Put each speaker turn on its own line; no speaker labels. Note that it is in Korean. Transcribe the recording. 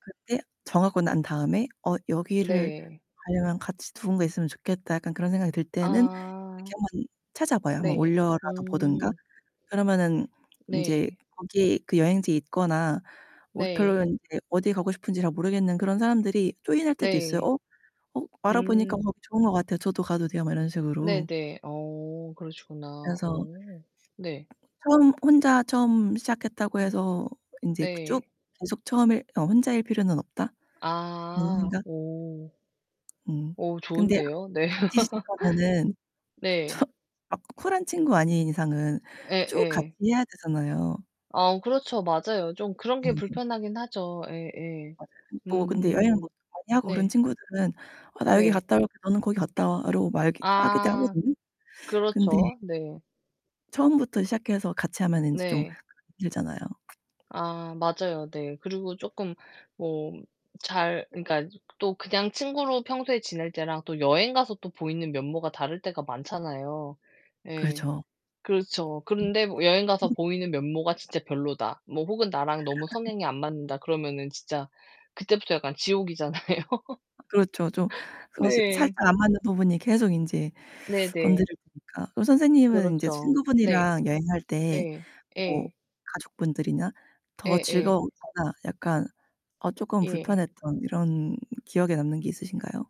그때 정하고 난 다음에 '어 여기를
네.
가려면 같이 누군가 있으면 좋겠다.' 약간 그런 생각이 들 때는
아.
이렇게 한번 찾아봐요. 한번
네.
올려라도 보던가.
음.
그러면은 인제
네.
거기 그 여행지에 있거나 뭐 별로
네.
인제 어디 가고 싶은지 잘 모르겠는 그런 사람들이 조인할 때도 있어요.
네.
어 '어 알아보니까
음.
거기 좋은 것 같아요. 저도 가도 돼요.' 막 이런 식으로.
네네. 어 그러시구나.
그래서
어 네.
처음 '혼자 처음 시작했다고 해서 인제 쭉
네.
계속 처음일 어 혼자일 필요는 없다.' 그런
아.
생각.
오.
음.
오
근데
좋은데요. 네.
같이 시작하면은
네.
저 막 쿨한 친구 아닌 이상은 쭉 같이
예예.
해야 되잖아요.
아 그렇죠. 맞아요. 좀 그런 게
네.
불편하긴 하죠. 예예.
맞아요. 근데 뭐 근데 여행을
음.
보통 많이 하고 그런
네.
친구들은 '어 나 여기
네.
갔다 올게, 너는 거기 갔다 와.' 라고 말기 하기도
아.
하거든요. 근데
그렇죠. 네.
처음부터 시작해서 같이 하면은 인제 좀
네.
[unintelligible] 힘들잖아요.
아 맞아요. 네. 그리고 쪼끔 뭐 잘 그니까 또 그냥 친구로 평소에 지낼 때랑 또 여행 가서 또 보이는 면모가 다를 때가 많잖아요. 예
그렇죠.
그렇죠. 그런데 여행 가서
[unintelligible]
보이는 면모가 진짜 별로다 뭐 혹은 나랑 너무 성향이 안 맞는다 그러면은 진짜 그때부터 약간 지옥이잖아요.
그렇죠. 좀 어색
네.
살짝 안 맞는 부분이 계속 인제
네네.
건드려지니까. 그럼 선생님은 인제
그렇죠. 네.
친구분이랑 여행할 때
네.
뭐
예.
가족분들이나 더
예예.
즐거웠거나 약간 어 쪼끔
예.
불편했던 이런 기억에 남는 게 있으신가요?